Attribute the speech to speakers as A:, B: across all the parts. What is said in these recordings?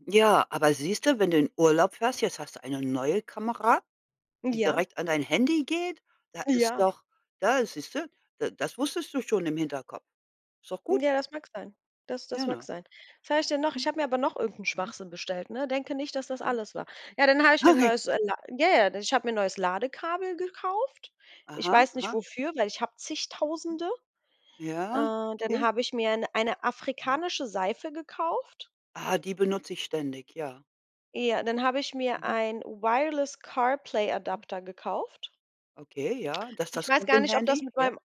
A: Ja, aber siehste, wenn du in Urlaub fährst, jetzt hast du 'ne neue Kamera, die
B: Ja.
A: direkt an dein Handy geht. Da ist
B: Ja.
A: doch da siehste da das wusstest du schon im Hinterkopf. Ist doch gut.
B: Ja, das mag sein das das
A: Ja,
B: mag
A: ne?
B: sein. Was habe ich denn noch? Ich
A: Hm.
B: habe mir aber noch irgend'n
A: Mhm.
B: Schwachsinn bestellt, ne? Denke nicht, dass das
A: Mhm.
B: alles war. Ja, dann habe ich mir 'n
A: [unintelligible]
B: neues äh, ja, ja, denn ich habe mir 'n neues Ladekabel gekauft ich
A: Aha,
B: weiß nicht
A: aha.
B: wofür, weil ich habe
A: Hm.
B: Zigtausende. Äh,
A: Ja,
B: dann
A: okay.
B: habe ich mir 'ne eine
A: Mhm.
B: afrikanische Seife gekauft.
A: Ah, die benutze ich ständig, ja.
B: Ja, dann habe ich mir
A: Mhm.
B: ein
A: Mhm.
B: Wireless-CarPlay-Adapter gekauft.
A: Okay, ja, das
B: Ich
A: das
B: weiß
A: gut
B: gar
A: in
B: ob das
A: Handy,
B: mit
A: ja?
B: meinem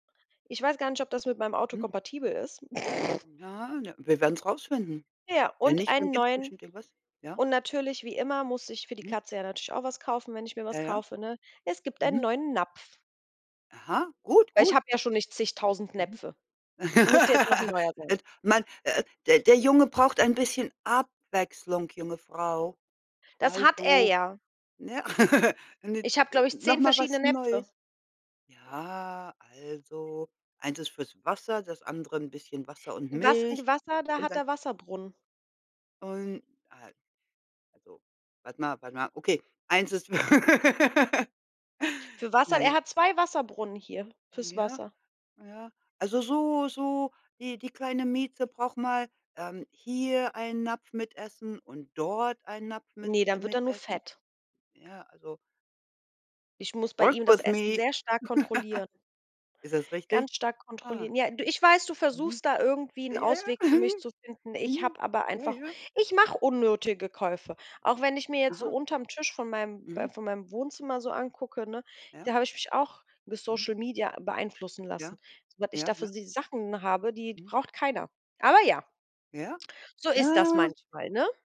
B: ich weiß gar nicht, ob das mit meinem Auto
A: Hm.
B: kompatibel ist.
A: Ja, ne, wir werden's rausfinden.
B: Ja,
A: Wenn
B: und
A: nicht, dann
B: einen
A: gibt's
B: neuen
A: bestimmt irgendwas ja?
B: und natürlich, wie immer, musste ich für die
A: Mhm.
B: Katze ja natürlich auch was kaufen, wenn ich mir was
A: Ja, ja.
B: kaufe, ne? Es gibt einen
A: Mhm.
B: neuen Napf.
A: Aha. Gut,
B: Weil ich
A: gut.
B: habe ja schon nicht zigtausend
A: Mhm.
B: Näpfe. Und musste jetzt noch 'n neuer sein.
A: Et man äh, der der Junge braucht ein bisschen Abwechslung, junge Frau.
B: Das hat er
A: Also,
B: ja.
A: ne eine, äh,
B: Ich habe, glaube ich,
A: noch
B: 10
A: mal
B: verschiedene
A: was
B: Näpfe.
A: Neues. Ja, also, eins ist fürs Wasser, das andere 'n bisschen Wasser und
B: Was, in
A: Milch
B: de Wasser, da
A: und
B: hat
A: dann
B: er Wasserbrunnen.
A: Und, al also, warte mal warte mal. Okay, eins ist
B: Für Wasser er
A: [unintelligible]
B: hat 2 Wasserbrunnen hier fürs
A: Ja,
B: Wasser.
A: ja. Also, so so die die kleine Mieze braucht mal, ähm, hier einen Napf mit Essen und dort einen Napf mit
B: Ne, dann wird
A: mit
B: er nur
A: Essen.
B: fett.
A: Ja, also
B: Ich muss bei
A: work
B: ihm das
A: with me.
B: Essen sehr stark kontrollieren.
A: Ist das richtig?
B: Ganz stark
A: Ah.
B: kontrollieren. Ja, du, ich weiß, du
A: Mhm.
B: versuchst da irgendwie 'n
A: Ja, ja, ja.
B: Ausweg für mich
A: Mhm.
B: zu finden. Ich
A: Hm.
B: habe aber
A: Ja,
B: einfach
A: ja.
B: ich mache unnötige Käufe. Auch wenn ich mir jetzt so
A: Aha.
B: unterm Tisch von meinem b
A: Mhm.
B: von meinem Wohnzimmer so angucke, ne,
A: Ja.
B: da habe ich mich auch mit
A: Mhm.
B: Social Media beeinflussen lassen.
A: Ja.
B: Was ich da
A: Ja,
B: für
A: ja.
B: sie Sachen habe, die
A: Mhm.
B: braucht keiner. Aber ja.
A: Ja?
B: So ist das
A: Ah.
B: manchmal, ne?